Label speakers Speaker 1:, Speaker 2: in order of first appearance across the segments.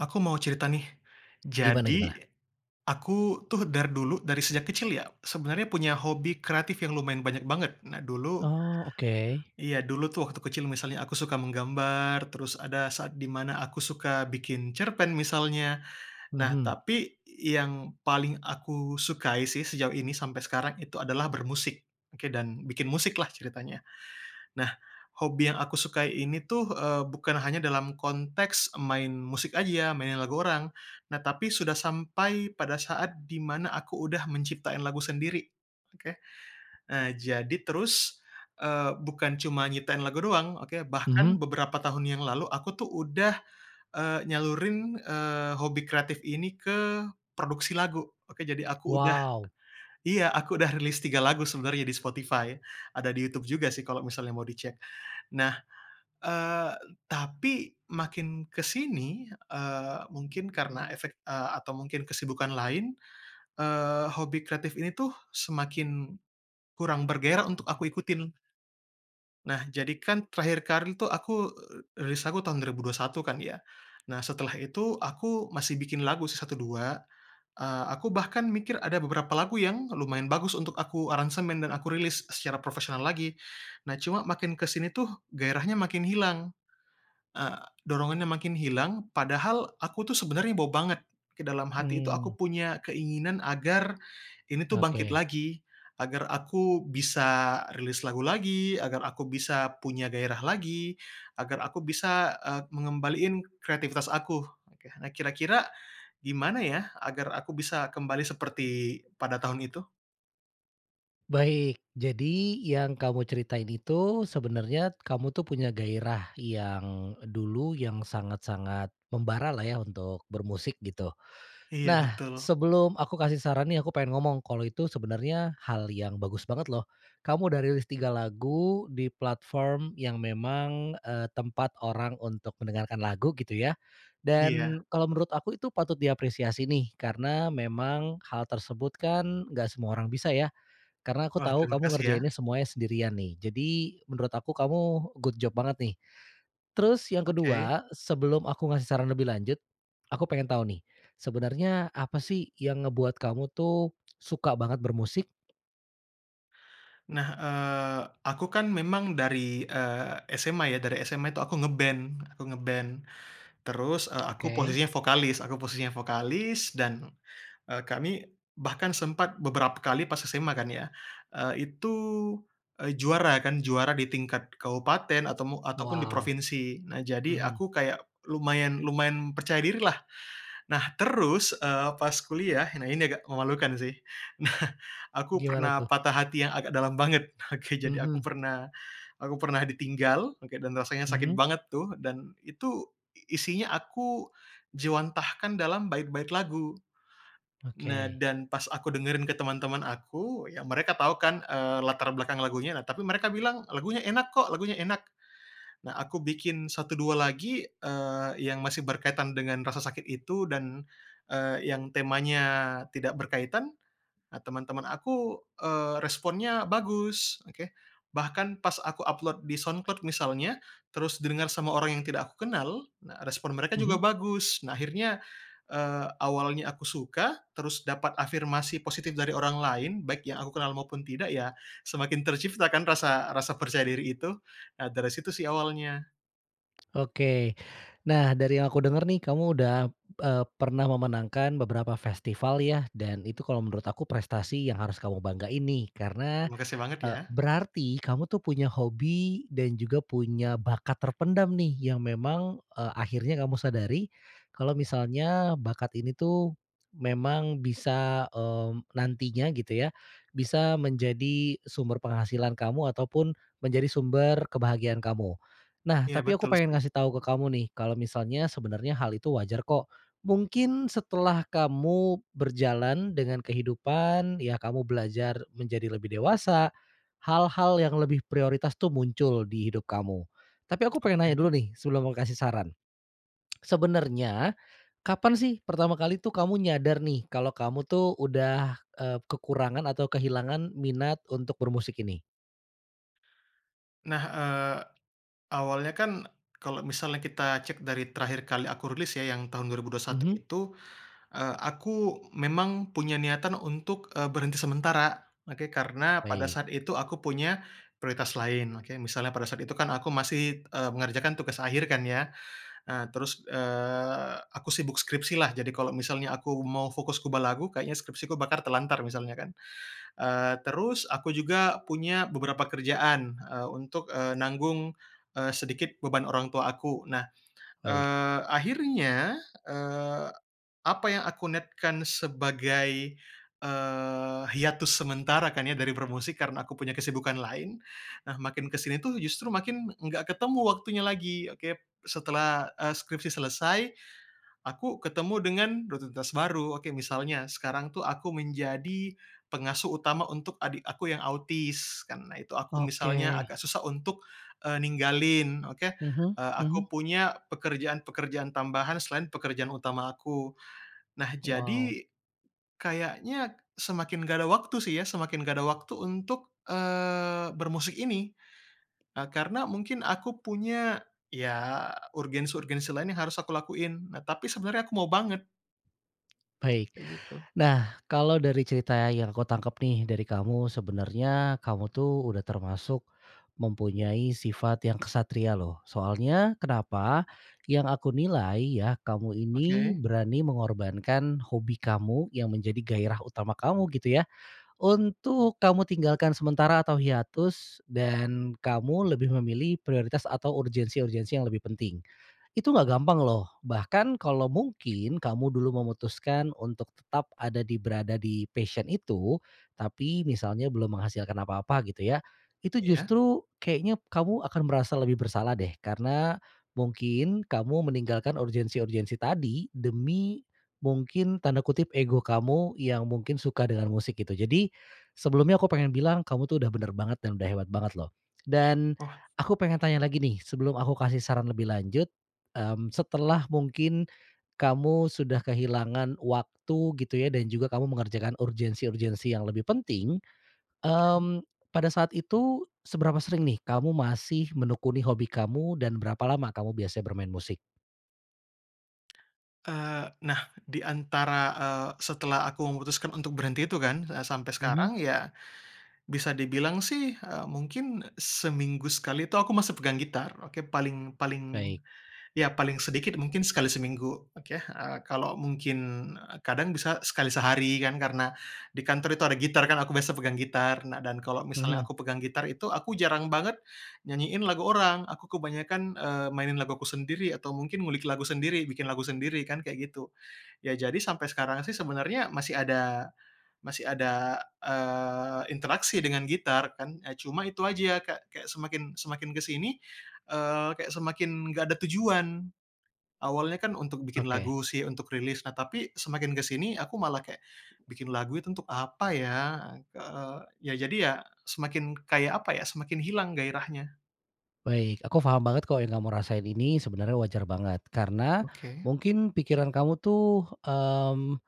Speaker 1: Aku mau cerita nih.
Speaker 2: Gimana
Speaker 1: Jadi,
Speaker 2: gimana?
Speaker 1: aku tuh dar dulu, dari sejak kecil ya, sebenarnya punya hobi kreatif yang lumayan banyak banget. Nah dulu,
Speaker 2: Oh oke.
Speaker 1: iya dulu tuh waktu kecil misalnya aku suka menggambar, terus ada saat di mana aku suka bikin cerpen misalnya. Nah
Speaker 2: Mhm.
Speaker 1: tapi, yang paling aku sukai sih sejauh ini sampai sekarang itu adalah bermusik, oke dan, bikin musik lah ceritanya. Nah, hobi yang aku sukai ini tuh, eee, bukan hanya dalam konteks main musik aja ya, mainin lagu orang. Nah tapi sudah sampai pada saat di mana aku udah menciptain lagu sendiri, oke. E jadi terus, eee, bukan cuma nyiptain lagu doang, oke, bahkan
Speaker 2: Mmm.
Speaker 1: beberapa tahun yang lalu aku tuh udah, eee, nyalurin, eee, hobi kreatif ini ke produksi lagu. Oke jadi aku udah,
Speaker 2: Wow.
Speaker 1: iya, aku udah rilis 3 lagu sebenarnya di Spotify. Ada di Youtube juga sih kalo misalnya mau dicek. Nah, eee, tapi makin ke sini, eee, mungkin karena efek, eee, atau mungkin kesibukan lain, eee, hobi kreatif ini tuh, semakin kurang bergairah untuk aku ikutin. Nah jadi kan terakhir kari tuh aku, eee, rilis aku tahun 2021 kan ya. Nah setelah itu, aku, masih bikin lagu sih 1-2. Eee, aku bahkan mikir ada beberapa lagu yang lumayan bagus untuk aku aransemen dan aku rilis secara profesional lagi, nah cuma makin ke sini tuh, gairahnya makin hilang. E dorongannya makin hilang, padahal, aku tuh sebenarnya bo banget, ke dalam hati itu aku
Speaker 2: Mmm.
Speaker 1: punya keinginan agar, ini tuh bangkit
Speaker 2: Oke.
Speaker 1: lagi, agar aku bisa rilis lagu lagi, agar aku bisa punya gairah lagi, agar aku bisa, e mengembaliin kreatifitas aku. Oke, nah, kira-kira, gimana ya, agar aku bisa kembali seperti, pada tahun itu?
Speaker 2: Baik, jadi yang kamu ceritain itu sebenarnya kamu tuh punya gairah yang, dulu, yang sangat-sangat membara lah ya untuk bermusik gitu.
Speaker 1: Iya
Speaker 2: Nah,
Speaker 1: betul.
Speaker 2: sebelum aku kasih saran nih aku pengen ngomong, kalo itu sebenarnya hal yang bagus banget loh. Kamu udah rilis 3 lagu, di platform yang memang, eee, tempat orang untuk mendengarkan lagu gitu ya.
Speaker 1: Iya.
Speaker 2: Dan, kalo menurut aku itu patut diapresiasi nih, karena, memang, hal tersebut kan, nggak semua orang bisa ya. Karena aku
Speaker 1: Wah
Speaker 2: tahu kamu
Speaker 1: terimakasih ya.
Speaker 2: ngerjainnya semuanya sendirian nih. Jadi, menurut aku kamu good job banget nih. Terus yang
Speaker 1: Oke.
Speaker 2: ke-2, sebelum aku ngasih saran lebih lanjut. Aku pengen tahu nih, sebenarnya, apa sih yang ngebuat kamu tuh, suka banget bermusik?
Speaker 1: Nah, eee, aku kan memang dari, eee, SMA ya dari SMA itu aku nge-band, aku nge-band. Terus, e aku
Speaker 2: Okey.
Speaker 1: posisinya vokalis, aku posisinya vokalis dan, eee, kami, bahkan sempat beberapa kali pas SMA kan ya, eee, itu, e juara kan juara di tingkat kabupaten ataumu ataupun di
Speaker 2: Wow.
Speaker 1: provinsi. Nah jadi
Speaker 2: Mhm.
Speaker 1: aku kayak lumayan lumayan percaya diri lah. Nah terus, eee, pas kuliah, nah ini agak memalukan sih. Nah aku
Speaker 2: Gimana
Speaker 1: pernah
Speaker 2: tuh?
Speaker 1: patah hati yang agak dalam banget, oke, jadi aku
Speaker 2: Mhm.
Speaker 1: pernah, aku pernah ditinggal, oke, dan rasanya sakit
Speaker 2: Mmm.
Speaker 1: banget tuh, dan itu, isinya aku jiwantahkan dalam bait-bait lagu. Nah
Speaker 2: Oke.
Speaker 1: dan pas aku dengerin ke teman-teman aku, ya mereka tahu kan, eee, latar belakang lagunya, nah tapi mereka bilang, "Lagunya enak kok, lagunya enak." Nah aku bikin satu dua lagi, eee, yang masih berkaitan dengan rasa sakit itu dan, eee, yang temanya, tidak berkaitan, a teman-teman aku, eee, responnya bagus, oke. Bahkan pas aku upload di SoundCloud misalnya, terus didengar sama orang yang tidak aku kenal, nah respon mereka juga
Speaker 2: Mhm.
Speaker 1: bagus. Nah akhirnya, eee, awalnya aku suka, terus dapat afirmasi positif dari orang lain baik yang aku kenal maupun tidak ya, semakin tercipta kan rasa rasa percaya diri itu, nah dari situ sih awalnya.
Speaker 2: Oke, nah dari yang aku dengar nih kamu udah eee, pernah memenangkan beberapa festival ya, dan itu kalo menurut aku prestasi yang harus kamu banggain nih. Karena,
Speaker 1: Terimakasih banget
Speaker 2: e
Speaker 1: ya.
Speaker 2: berarti kamu tuh punya hobi, dan juga punya bakat terpendam nih, yang memang, e akhirnya kamu sadari, kalo misalnya bakat ini tuh, memang bisa, eee, nantinya gitu ya, bisa menjadi sumber penghasilan kamu ataupun, menjadi sumber kebahagiaan kamu. Nah,
Speaker 1: Iya
Speaker 2: tapi aku
Speaker 1: betul
Speaker 2: pengen
Speaker 1: sih.
Speaker 2: ngasih tau ke kamu nih, kalo misalnya sebenarnya hal itu wajar kok. Mungkin setelah kamu berjalan dengan kehidupan, ya kamu belajar menjadi lebih dewasa, hal-hal yang lebih prioritas tuh muncul di hidup kamu. Tapi aku pengen nanya
Speaker 1: Oke.
Speaker 2: dulu nih, sebelum mau kasih saran. Sebenarnya, kapan sih pertama kali tuh kamu nyadar nih, kalo kamu tuh udah, e kekurangan atau kehilangan minat untuk bermusik ini?
Speaker 1: Nah, eee, awalnya kan, kalo misalnya kita cek dari terakhir kali aku rilis ya, yang tahun 2021
Speaker 2: Mhm.
Speaker 1: itu, eee, aku memang punya niatan untuk eee, berhenti sementara. Oke, karena pada
Speaker 2: Baik.
Speaker 1: saat itu aku punya, prioritas lain, oke. Misalnya pada saat itu kan aku masih, e mengerjakan tugas akhir kan ya. Nah terus, eee, aku sibuk skripsi lah, jadi kalo misalnya aku mau fokus kubah lagu, kayaknya skripsi ku bakar terlantar misalnya kan. Eee, terus aku juga punya beberapa kerjaan, e untuk, eee nanggung, eee, sedikit beban orang tua aku. Nah,
Speaker 2: Baik.
Speaker 1: eee, akhirnya, eee, apa yang aku niatkan sebagai, eee, hiatus sementara kan ya dari bermusik, karena aku punya kesibukan lain. Nah makin ke sini tuh justru makin nggak ketemu waktunya lagi, oke. Setelah e skripsi selesai, aku ketemu dengan rutinitas baru, oke, misalnya sekarang tuh aku menjadi pengasuh utama untuk adik aku yang autis, karena itu aku misalnya
Speaker 2: Oke.
Speaker 1: agak susah untuk, eee, ninggalin, oke.
Speaker 2: Mhm
Speaker 1: Eee,
Speaker 2: mhm.
Speaker 1: aku punya, pekerjaan-pekerjaan tambahan selain pekerjaan utama aku. Nah
Speaker 2: Wow.
Speaker 1: jadi, kayaknya semakin nggak ada waktu sih ya, semakin nggak ada waktu untuk, eee, bermusik ini. E karena mungkin aku punya, ya urgensi-urgensi lain yang harus aku lakuin. Nah tapi sebenarnya aku mau banget.
Speaker 2: Baik,
Speaker 1: Kaya gitu.
Speaker 2: nah, kalo dari cerita yang kutangkep nih, dari kamu, sebenarnya kamu tuh udah termasuk, mempunyai sifat yang ksatria loh, soalnya kenapa? Yang aku nilai, ya, kamu ini,
Speaker 1: Oke.
Speaker 2: berani mengorbankan hobi kamu, yang menjadi gairah utama kamu gitu ya, untuk kamu tinggalkan sementara atau hiatus, dan kamu lebih memilih prioritas atau urgensi-urgensi yang lebih penting. Itu enggak gampang loh, bahkan kalo mungkin kamu dulu memutuskan untuk tetap ada di berada di passion itu, tapi misalnya belum menghasilkan apa-apa, gitu ya. Itu
Speaker 1: Iya.
Speaker 2: justru, keknya, kamu akan merasa lebih bersalah deh. Karena, mungkin, kamu meninggalkan urgensi-urgensi tadi, demi, mungkin, tanda kutip, "ego" kamu, yang mungkin suka dengan musik gitu. Jadi, sebelumnya aku pengen bilang kamu tuh udah benar banget dan udah hebat banget loh. Dan,
Speaker 1: Oh.
Speaker 2: aku pengen tanya lagi nih, sebelum aku kasih saran lebih lanjut. Mmm, setelah mungkin, kamu, sudah kehilangan waktu gitu ya, dan juga kamu mengerjakan urgensi-urgensi yang lebih penting,
Speaker 1: Mmm?
Speaker 2: mmm, pada saat itu, seberapa sering nih kamu masih menekuni hobi kamu dan berapa lama kamu biasa bermain musik?
Speaker 1: Eee, nah, diantara, eee, setelah aku memutuskan untuk berhenti itu kan, sampe
Speaker 2: Mmm.
Speaker 1: sekarang ya, bisa dibilang sih, e mungkin, seminggu sekali tuh aku masih pegang gitar, oke. Paling paling,
Speaker 2: Baik.
Speaker 1: ya paling sedikit mungkin sekali seminggu, oke. Eee, kalo mungkin, kadang bisa sekali sehari kan karena, di kantor itu ada gitar kan aku biasa pegang gitar, nah dan kalo misalnya
Speaker 2: Mhm.
Speaker 1: aku pegang gitar itu aku jarang banget, nyanyiin lagu orang. Aku kebanyakan, eee, mainin laguku sendiri, atau mungkin ngulik lagu sendiri, bikin lagu sendiri kan kayak gitu. Ya jadi sampe sekarang sih sebenarnya masih ada, masih ada, eee, interaksi dengan gitar, kan, e cuma itu aja kek kek semakin semakin ke sini, eee, kek semakin, nggak ada tujuan. Awalnya kan untuk bikin
Speaker 2: Oke.
Speaker 1: lagu sih, untuk rilis, nah tapi semakin ke sini aku malah kayak, bikin lagu itu untuk apa ya? Eee, ya jadi ya, semakin kayak apa ya, semakin hilang gairahnya.
Speaker 2: Baik aku faham banget kok yang kamu rasain ini sebenarnya wajar banget. Karena,
Speaker 1: Oke.
Speaker 2: mungkin pikiran kamu tuh, mmm,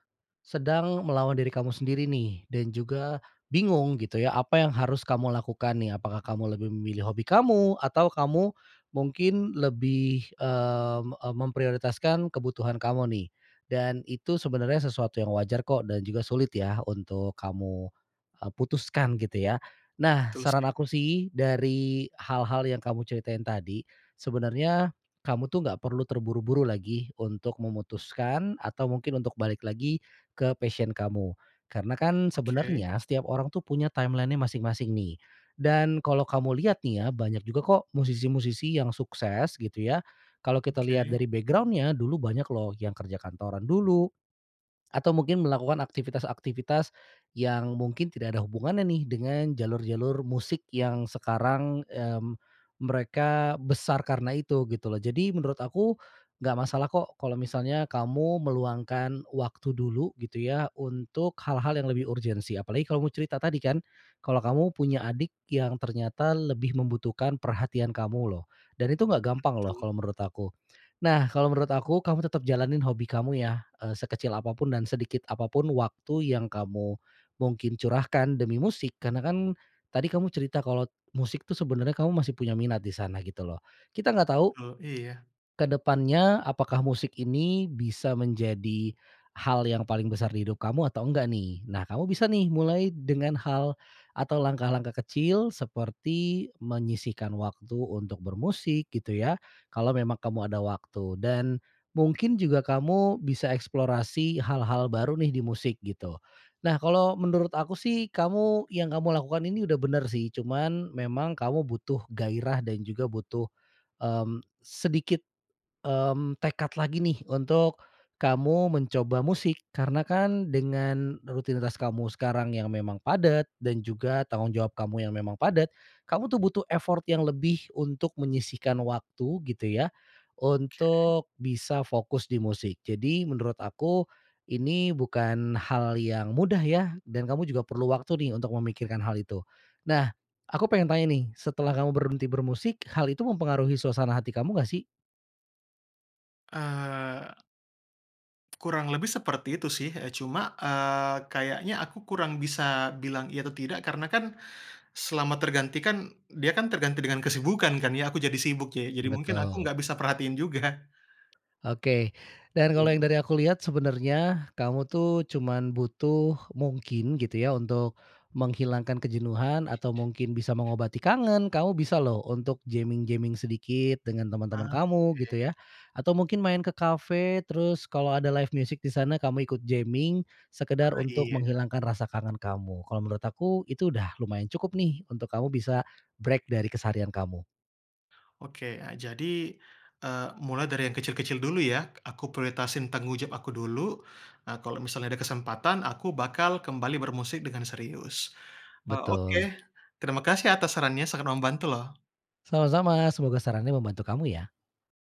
Speaker 2: sedang melawan diri kamu sendiri nih, dan juga, bingung gitu ya, apa yang harus kamu lakukan nih. Apakah kamu lebih memilih hobi kamu, atau kamu, mungkin lebih, eee, e m memprioritaskan kebutuhan kamu nih. Dan itu sebenarnya sesuatu yang wajar kok, dan juga sulit yah untuk kamu, eee, putuskan gitu ya. Nah,
Speaker 1: Betul
Speaker 2: saran
Speaker 1: sih.
Speaker 2: aku sih, dari hal-hal yang kamu ceritain tadi, sebenarnya, kamu tuh nggak perlu terburu-buru lagi, untuk memutuskan, atau mungkin untuk balik lagi, ke passion kamu. Karena kan,
Speaker 1: Oke.
Speaker 2: sebenarnya, setiap orang tuh punya timeline-nya masing-masing nih. Dan kalo kamu lihat nih ya, banyak juga kok, musisi-musisi yang sukses gitu ya, kalo kita lihat
Speaker 1: Oke.
Speaker 2: dari background-nya, dulu banyak loh, yang kerja kantoran dulu, atau mungkin melakukan aktivitas-aktivitas yang mungkin tidak ada hubungannya nih dengan jalur-jalur musik yang sekarang, mmm, mereka besar karena itu, gitu loh. Jadi menurut aku, nggak masalah kok kalo misalnya kamu meluangkan waktu dulu gitu ya, untuk hal-hal yang lebih urgensi apalagi kamu cerita tadi kan kalo kamu punya adik yang ternyata lebih membutuhkan perhatian kamu loh. Dan itu nggak gampang loh, kalo
Speaker 1: Betul.
Speaker 2: menurut aku. Nah kalo menurut aku kamu tetap jalanin hobi kamu yah sekecil apapun dan sedikit apapun waktu yang kamu mungkin curahkan demi musik, karena kan tadi kamu cerita kalo musik tuh sebenarnya kamu masih punya minat di sana gitu loh. Kita nggak tahu,
Speaker 1: Oh iya.
Speaker 2: ke depannya, apakah musik ini bisa menjadi hal yang paling besar di hidup kamu atau enggak nih. Nah, kamu bisa nih mulai dengan hal atau langkah-langkah kecil, seperti menyisihkan waktu untuk bermusik, gitu ya. Kalo memang kamu ada waktu. Dan, mungkin juga kamu bisa eksplorasi hal-hal baru nih, di musik gitu. Nah kalo menurut aku sih, kamu, yang kamu lakukan ini udah benar sih, cuman, memang kamu butuh gairah dan juga butuh, mmm, sedikit, mmm, tekad lagi nih, untuk, kamu mencoba musik. Karena kan, dengan, rutinitas kamu sekarang yang memang padat, dan juga tanggung jawab kamu yang memang padat, kamu tuh butuh effort yang lebih untuk menyisihkan waktu, gitu ya,
Speaker 1: Oke.
Speaker 2: untuk bisa fokus di musik. Jadi, menurut aku, ini bukan hal yang mudah ya? Dan kamu juga perlu waktu nih untuk memikirkan hal itu. Nah, aku pengen tanya nih, setelah kamu berhenti bermusik, hal itu mempengaruhi suasana hati kamu nggak sih?
Speaker 1: Eee kurang lebih seperti itu sih, e cuma, eee, kayaknya aku kurang bisa bilang iya atau tidak, karena kan, selama tergantikan, dia kan terganti dengan kesibukan kan ya, aku jadi sibuk ya. Jadi mungkin aku
Speaker 2: Betul.
Speaker 1: nggak bisa perhatiin juga.
Speaker 2: Oke, dan kalo
Speaker 1: Oke.
Speaker 2: dari yang aku liat sebenarnya, kamu tuh cuman butuh mungkin gitu ya, untuk menghilangkan kejenuhan atau mungkin bisa mengobati kangen, kamu bisa loh untuk jamming-jamming sedikit dengan
Speaker 1: Ah,
Speaker 2: teman-teman kamu,
Speaker 1: oke.
Speaker 2: gitu ya. Atau mungkin main ke kafe terus kalo ada live music di sana kamu ikut jamming, sekedar
Speaker 1: Ah
Speaker 2: untuk
Speaker 1: iya.
Speaker 2: menghilangkan rasa kangen kamu. Kalo menurut aku itu, udah lumayan cukup nih, untuk kamu bisa break dari keseharian kamu.
Speaker 1: Oke, a jadi, eee, mulai dari yang kecil-kecil dulu ya, aku prioritasin tanggung jawab aku dulu, e kalo misalnya ada kesempatan aku bakal kembali bermusik dengan serius. E oke,
Speaker 2: Betul.
Speaker 1: terima kasih atas sarannya sangat membantu loh.
Speaker 2: Sama-sama, semoga sarannya membantu kamu ya.